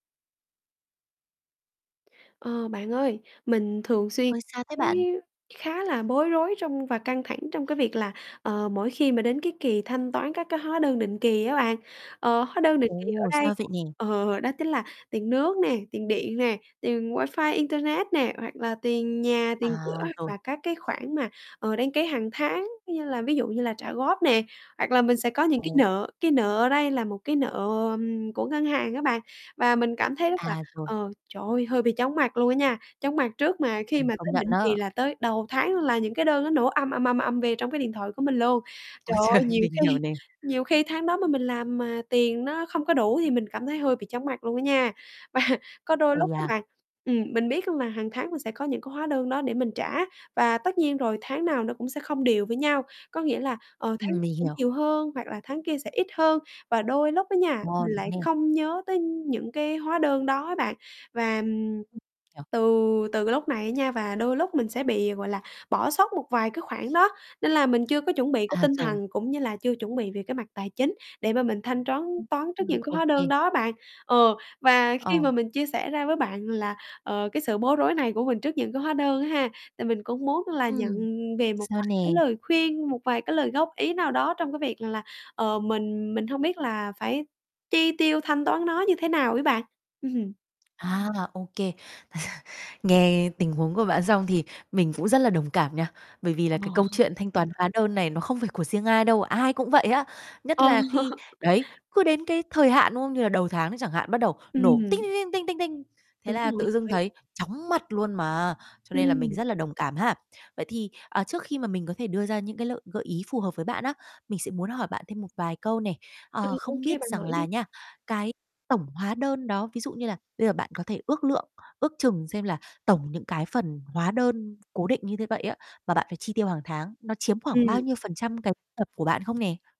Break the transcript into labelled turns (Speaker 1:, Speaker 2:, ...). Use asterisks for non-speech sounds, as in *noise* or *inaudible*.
Speaker 1: Ờ, bạn ơi, mình thường xuyên
Speaker 2: Ôi, sao thế
Speaker 1: thấy
Speaker 2: bạn?
Speaker 1: khá là bối rối trong và căng thẳng trong cái việc là, ờ, mỗi khi mà đến cái kỳ thanh toán các cái hóa đơn định kỳ á bạn. Ờ, hóa đơn định kỳ ở
Speaker 2: Ồ,
Speaker 1: đây
Speaker 2: sao vậy nè?
Speaker 1: ờ, đó chính là tiền nước nè, tiền điện nè, tiền wifi internet nè, hoặc là tiền nhà, tiền
Speaker 2: À,
Speaker 1: cửa, hoặc
Speaker 2: rồi.
Speaker 1: là các cái khoản mà, ờ, đăng ký hàng tháng, như là ví dụ như là trả góp nè, hoặc là mình sẽ có những cái
Speaker 2: Ồ.
Speaker 1: nợ, cái nợ ở đây là một cái nợ, ừm, của ngân hàng á bạn, và mình cảm thấy rất là
Speaker 2: À, rồi.
Speaker 1: ờ, trời ơi, hơi bị chóng mặt luôn á nha, chóng mặt trước mà khi
Speaker 2: Mình
Speaker 1: mà
Speaker 2: công
Speaker 1: tới
Speaker 2: nhận
Speaker 1: định
Speaker 2: á.
Speaker 1: kỳ là tới đầu tháng là những cái đơn nó nổ ầm, ầm, ầm, ầm về trong cái điện thoại của mình luôn. Trời
Speaker 2: Ôi trời,
Speaker 1: ơi, nhiều
Speaker 2: mình hiểu
Speaker 1: khi
Speaker 2: nè.
Speaker 1: nhiều khi tháng đó mà mình làm mà tiền nó không có đủ, thì mình cảm thấy hơi bị chóng mặt luôn á nha. Và có đôi
Speaker 2: Ây
Speaker 1: lúc á
Speaker 2: da.
Speaker 1: bạn ừm, mình biết luôn là hàng tháng mình sẽ có những cái hóa đơn đó để mình trả, và tất nhiên rồi tháng nào nó cũng sẽ không đều với nhau, có nghĩa là, ờ, tháng
Speaker 2: Ừm,
Speaker 1: *unintelligible*
Speaker 2: mình
Speaker 1: sẽ
Speaker 2: hiểu.
Speaker 1: nhiều hơn, hoặc là tháng kia sẽ ít hơn, và đôi lúc á nha, mình
Speaker 2: *unintelligible* đúng
Speaker 1: lại
Speaker 2: nè.
Speaker 1: không nhớ tới những cái hóa đơn đó á bạn. Và, ừm,
Speaker 2: Hiểu.
Speaker 1: từ từ cái lúc này á nha và đôi lúc mình sẽ bị, gọi là, bỏ sót một vài cái khoản đó, nên là mình chưa có chuẩn bị cái
Speaker 2: À,
Speaker 1: tinh
Speaker 2: rồi.
Speaker 1: thần, cũng như là chưa chuẩn bị về cái mặt tài chính, để mà mình thanh troán
Speaker 2: Ừm,
Speaker 1: toán trước
Speaker 2: ừm.
Speaker 1: những cái hóa đơn
Speaker 2: Ok.
Speaker 1: đó á bạn, ờ, và khi
Speaker 2: Ờ.
Speaker 1: mà mình chia sẻ ra với bạn là, ờ, cái, sự bối rối này của mình trước những cái hóa đơn á ha, tại mình cũng muốn là nhận
Speaker 2: Ừm,
Speaker 1: về một
Speaker 2: sao
Speaker 1: vài cái
Speaker 2: nè?
Speaker 1: lời khuyên, một vài cái lời góp ý nào đó trong cái việc rằng là, ờ, mình mình hông biết là phải chi tiêu, thanh toán nó như thế nào ấy bạn. Ừm.
Speaker 2: À, OK. *chuckles* Nghe tình huống của bạn xong thì mình cũng rất là đồng cảm nha, bởi vì là
Speaker 1: Ờ
Speaker 2: cái câu
Speaker 1: ha.
Speaker 2: chuyện thanh toán hóa đơn này nó không phải của riêng ai đâu, ai cũng vậy á, nhất
Speaker 1: Ờ.
Speaker 2: là khi đấy, cứ đến cái thời hạn, đúng không, như là đầu tháng nó chẳng hạn bắt đầu nổ tinh,
Speaker 1: Ừm.
Speaker 2: tinh, tinh, tinh, tinh, tinh, thế
Speaker 1: Đúng
Speaker 2: là
Speaker 1: rồi,
Speaker 2: tự
Speaker 1: trời
Speaker 2: dưng
Speaker 1: ơi.
Speaker 2: thấy chóng mặt luôn mà. Cho nên là mình
Speaker 1: Ừm.
Speaker 2: rất là đồng cảm ha. Vậy thì, à, trước khi mà mình có thể đưa ra những cái lợi gợi ý phù hợp với bạn á, mình sẽ muốn hỏi bạn thêm một vài câu nè. Ờ,
Speaker 1: Ừm,
Speaker 2: không
Speaker 1: OK,
Speaker 2: biết
Speaker 1: bạn
Speaker 2: rằng
Speaker 1: hỏi đi.
Speaker 2: là nha, cái tổng hóa đơn đó, ví dụ như là bây giờ bạn có thể ước lượng, ước chừng xem là tổng những cái phần hóa đơn cố định như thế vậy á mà bạn phải chi tiêu hàng tháng, nó chiếm khoảng bao
Speaker 1: Ừm.
Speaker 2: nhiêu phần trăm cái nhập của bạn không nè?